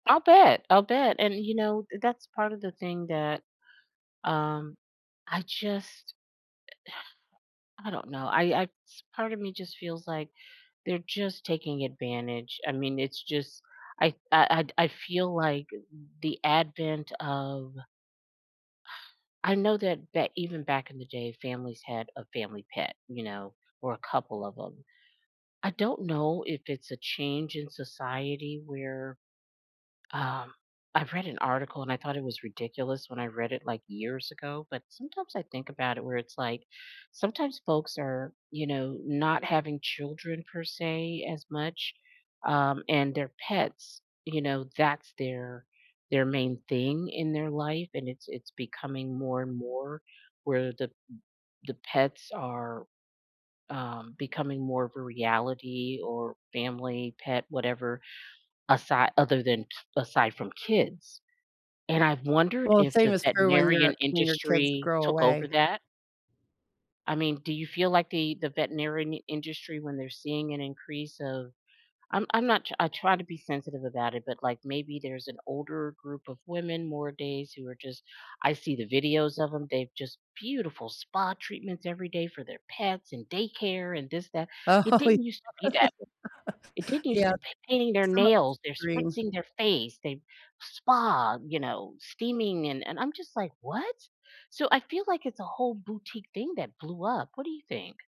I'll bet, I'll bet, and you know, that's part of the thing that, um, I just, I don't know I I part of me just feels like they're just taking advantage, I mean, it's just, I I I feel like the advent of I know that back even back in the day, families had a family pet, you know, or a couple of 'em. I don't know if it's a change in society where, um I've read an article and I thought it was ridiculous when I read it, like, years ago, but sometimes I think about it where it's like, sometimes folks are, you know, not having children per se as much, um, and their pets, you know, that's their their main thing in their life and it's it's becoming more and more, where the the pets are, um, becoming more of a reality or family, pet, whatever asi other than aside from kids. And I've wondered Well, if same the is true when veterinarian your when your kids industry grow took over away. that? I mean, do you feel like the the veterinarian n industry, when they're seeing an increase of I'm I'm not I try to be sensitive about it, but, like, maybe there's an older group of women more days, who are just I see the videos of them, they've just beautiful spa treatments every day for their pets, and daycare, and this that, Oh, it yeah, didn't used to be that w it didn't used yeah. to painting their Some of it's nails, they're extreme. spritzing their face, they spa, you know, steaming, and and I'm just like, "What?" So, I feel like it's a whole boutique thing that blew up. What do you think?